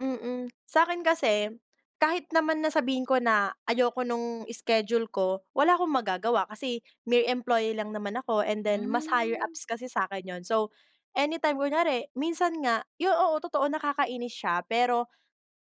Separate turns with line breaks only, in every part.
Mhm. Sa'kin kasi kahit naman na sabihin ko na ayoko nung schedule ko wala akong magagawa kasi mere employee lang naman ako and then mas higher
Hmm.
ups kasi sakin 'yon. So, anytime kunyari minsan nga yon, oo totoo nakakainis siya pero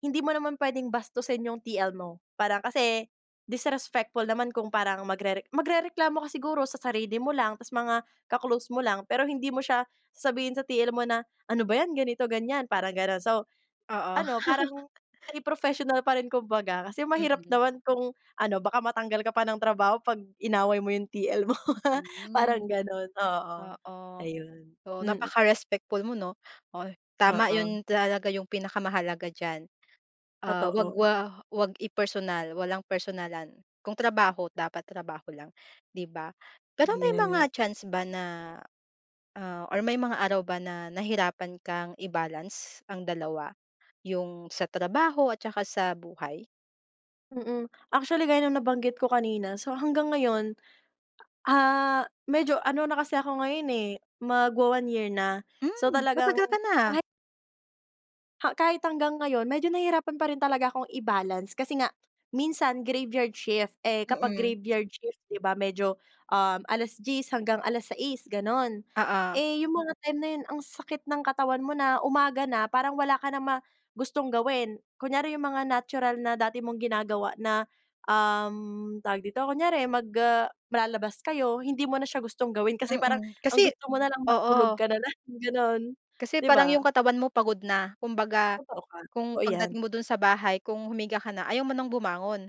hindi mo naman puwedeng bastusin yung TL mo para kasi disrespectful naman kung parang magrere magrereklamo ka siguro sa sarili mo lang tapos mga ka-close mo lang pero hindi mo siya sasabihin sa TL mo na, "ano ba yan" ganito ganyan parang ganon. So,
Oo.
ano parang may professional pa rin kumbaga kasi mahirap
Mhm.
naman kung ano baka matanggal ka pa ng trabaho pag inaway mo yung TL mo ha parang
Hmm,
ganon, oo,
oo.
ayun.
So
Mhm.
napaka-respectful mo no, oh, tama
Oo.
yon talaga yung pinakamahalaga diyan, ah, wag
Totoo.
wa wag i-personal, walang personalan kung trabaho dapat trabaho lang, diba? Pero may
Yeah.
mga chance ba na, ah, or may mga araw ba na nahirapan kang i-balance ang dalawa yung sa trabaho at 'tsaka sa buhay?
Mhm. Actually gaya ng nabanggit ko kanina so, hanggang ngayon, ah, medyo ano na kasi ako ngayon, eh magwa-one year na. So,
Hmm!
talagang
Matagal ka na, ah.
kahit ha, kahit hanggang ngayon medyo nahihirapan pa rin talaga akong i-balance kasi nga minsan graveyard shift eh, kapag
Mhm.
graveyard shift di ba medyo, uhm, 10 alas-diyes hanggang 6 alas-sais ganon.
Oo.
Eh, yung mga time na yon ang sakit ng katawan mo na umaga na parang wala ka na ma gustong gawin. Kunyari yung mga natural na dati mong ginagawa na, uhm, tawag dito kunyari mag, ah, lalabas kayo hindi mo na siya gustong gawin kasi parang
Mhm.
ang
Kasi,
gusto mo na lang matulog
oo.
ka na lang ganon,
Kasi, parang
diba?
yung katawan mo pagod na kumbaga
Totoo ka.
kung
Oo yan.
pagdating mo do'n sa bahay kung humiga ka na ayaw mo nang bumangon.